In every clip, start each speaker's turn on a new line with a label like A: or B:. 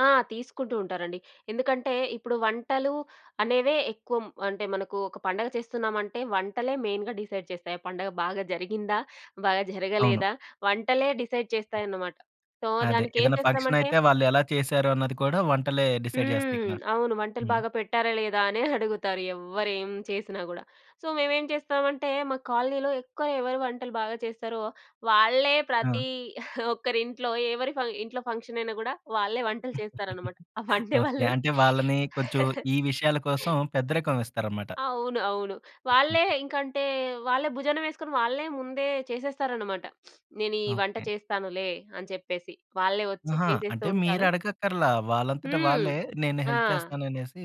A: ఆ! తీసుకుంటూ ఉంటారండి. ఎందుకంటే, ఇప్పుడు వంటలు అనేవే, ఎక్కుం అంటే, మనకు ఒక పండగ చేస్తున్నామంటే, వంటలే మెయిన్‌గా డిసైడ్ చేస్తాయి, ఆ పండగ బాగా జరిగిందా? బాగా
B: అవును.
A: జరగలేదా? వంటలే డిసైడ్ చేస్తాయన్నమాట. సో,
B: అదే,
A: దానికేం
B: ఏదన్నా
A: చేస్తామంటే
B: ఫంక్షనయితే, వాళ్ళు ఎలా చేసారు అన్నది కూడా, వంటలే డిసైడ్ చేస్తాయి
A: హ్మ్.
B: కదా!
A: అవును. వంటలు
B: హ్మ్.
A: బాగా పెట్టారా, లేదా, అనే అడుగుతారు ఎవ్వరేం చేసినా గూడా. సో, మేమేం జేస్తామంటే, మా కాలనీలో, ఎక్కువ ఎవరు వంటలు బాగా చేస్తారో, వాళ్ళే
B: ఆ!
A: ప్రతి ఒక్కరింట్లో ఎవరి ఫ ఇంట్లో ఫంక్షనయినా గూడా, వాళ్ళే వంటలు చేస్తారనమాట. ఆ వండే
B: ఓకే.
A: వాళ్ళు
B: అంటే, వాళ్ళని కొంచెం ఈ విషయాల కోసం, పెద్దరికం ఇస్తారనమాట.
A: అవును. అవును. వాళ్ళే ఇంకంటే, వాళ్ళే భుజాన వేస్కొని, వాళ్ళే ముందే చేసేస్తారనమాట. "నేనీ వంట
B: ఓకే.
A: చేస్తానులే" అని చెప్పేసి. వాళ్ళే వచ్చి
B: ఆహా!
A: చేసేస్తూ
B: అంటే
A: ఉంటారు.
B: మీరడగక్కర్లా, వాళ్ళంతట
A: హ్మ్.
B: వాళ్ళే, నేను
A: ఆ!
B: హెల్ప్ చేస్తాననేసి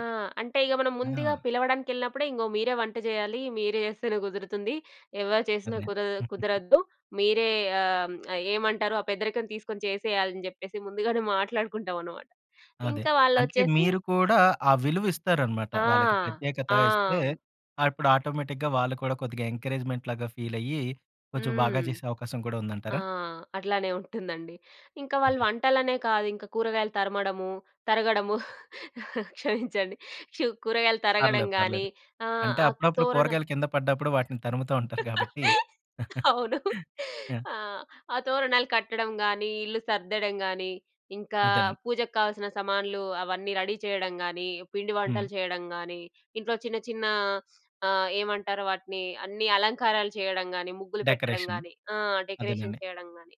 A: ఆ! అంటే, ఇగ మనం
B: ఆ!
A: ముందుగా పిలవడానికెళ్ళినప్పుడే, ఇంగో మీరే వంట జేయాలీ, మీరు జేస్తేనే కుదురుతుంది. ఎవరు చేసినా
B: అదే.
A: కుదదు కుదరద్దు, మీరే ఆ! హ్మ్, ఆహ్, ఏమంటారు! ఆ పెద్దరికం తీసుకొని చేసేయాలని జెప్పేసి, ముందుగానే మాట్లాడుకుంటామనమాట.
B: అదే.
A: ఇంకా
B: అంటే
A: వాళ్ళొచ్చేసి
B: మీరు కూడా ఆ విలువిస్తారనమాట.
A: ఆ!
B: వాళ్ళకి ప్రత్యేకత
A: ఆ!
B: ఇస్తే,
A: హ్మ్.
B: ఆహ్, ఇప్పుడు ఆటోమేటిక్‌గా వాళ్ళు కూడా, కొద్దిగ ఎంకరేజ్మెంట్‌ లాగా ఫీలయ్యి, కొంచెం బాగా
A: హ్మ్.
B: చేసే అవకాశం కూడా
A: ఆ!
B: ఉందంటారా?
A: అట్లానే ఉంటుందండి. ఇంకా వాళ్ళు
B: హుహు.
A: వంటలనే కాదింక, కూరగాయలు తరమడము తరగడము క్షమించండి. చు కూరగాయలు తరగడం
B: పర్లేదు.
A: గానీ,
B: పర్లేదు.
A: ఆహ్,
B: అంటే,
A: ఆ
B: అప్పుడప్పుడు
A: తోరణాల్
B: కూరగాయలు కింద పడ్డప్పుడు, వాటిని తరుముతూ ఉంటారు గాబట్టి.
A: అవును.
B: యాహ్!
A: ఆ! ఆ తోరణాలు కట్టడం‌ గానీ, ఇల్లు సర్దడం గానీ, ఇంకా
B: అదేనండి.
A: పూజకు కావాల్సిన సమాన్లూ, అవన్నీ రెడీ చేయడం గానీ, పిండి వంటలు
B: హ్మ్.
A: చేయడం గానీ, ఇంట్లో చిన్న చిన్న అహ్, ఏమంటారు? వాటినీ అన్ని అలంకారాలు చేయడం గానీ, ముగ్గులు పెట్టడం
B: డెకరేషన్.
A: గానీ, ఆ! డెకరేషన్
B: అదేనండి.
A: చేయడం గానీ,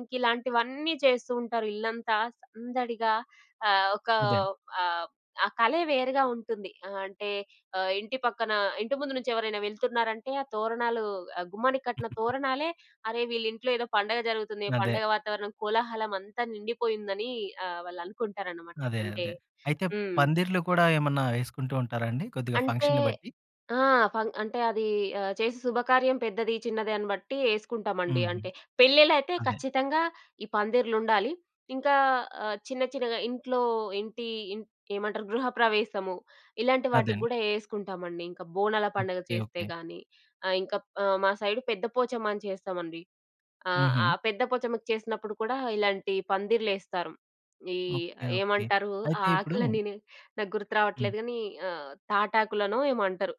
A: ఇంకిలాంటివన్నీ చేస్తూ ఉంటారు. ఇల్లంతా సందడిగా ఆహ్, ఒకా
B: అదే.
A: ఆహ్, ఆ కలే వేరుగా ఉంటుంది. ఆహ్, అంటే ఆహ్, ఇంటి పక్కన ఇంటి ముందు నుంచెవరైనా వెళ్తున్నారంటే, ఆ తోరణాలూ, ఆ గుమ్మానికి కట్టిన తోరణాలే, అరే! వీళ్ళింట్లో ఏదో పండగ జరుగుతుంది.
B: అదే.
A: పండగ వాతావరణం, కోలాహలం అంతా నిండిపోయుందని అహ్, వాళ్ళనుకుంటారనమాట.
B: అదే.
A: అంటే
B: అదే. అయితే,
A: హ్మ్.
B: పందిర్లు కూడా ఏమన్నా ఏసుకుంటూ ఉంటారా అండి? కొద్దిగా
A: అంటే,
B: ఫంక్షన్‌ని బట్టి?
A: ఆ! ఫంగ్ అంటే అదీ ఆహ్, చేసే శుభకార్యం పెద్దది, చిన్నది అని బట్టి ఏసుకుంటామండి.
B: హుహు.
A: అంటే పెళ్లి‌ళ్లైతే
B: అదే.
A: ఖచ్చితంగా ఈ పందిరిలుండాలి. ఇంకా ఆహ్, చిన్న చిన్నగా ఇంట్లో ఏంటీ, ఇం ఏమంటారు? గృహప్రవేశము, ఇలాంటి వాటికి
B: అదండి.
A: గూడా ఏసుకుంటామండి. ఇంక బోనాల పండుగ
B: ఓకే.
A: చేస్తే
B: ఓకే.
A: గానీ, ఆహ్, ఇంక ప్ ఆహ్ మా సైడు పెద్ద పోచమ్మ అని చేస్తామండి. ఆహ్, ఆ
B: హుహు.
A: పెద్ద పొచమ్మకు చేసినప్పుడు కూడా, ఇలాంటి పందిర్లేస్తాం. ఈ
B: ఓకే.
A: ఆహ్,
B: ఓకే.
A: ఏమంటారూ? ఆ
B: అయితే ఇప్పుడూ
A: ఆకులన్నిని, నాకు గుర్తు
B: హ్మ్.
A: రావట్లేదు గానీ ఆహ్, తాటాకులనో ఏమో అంటరు.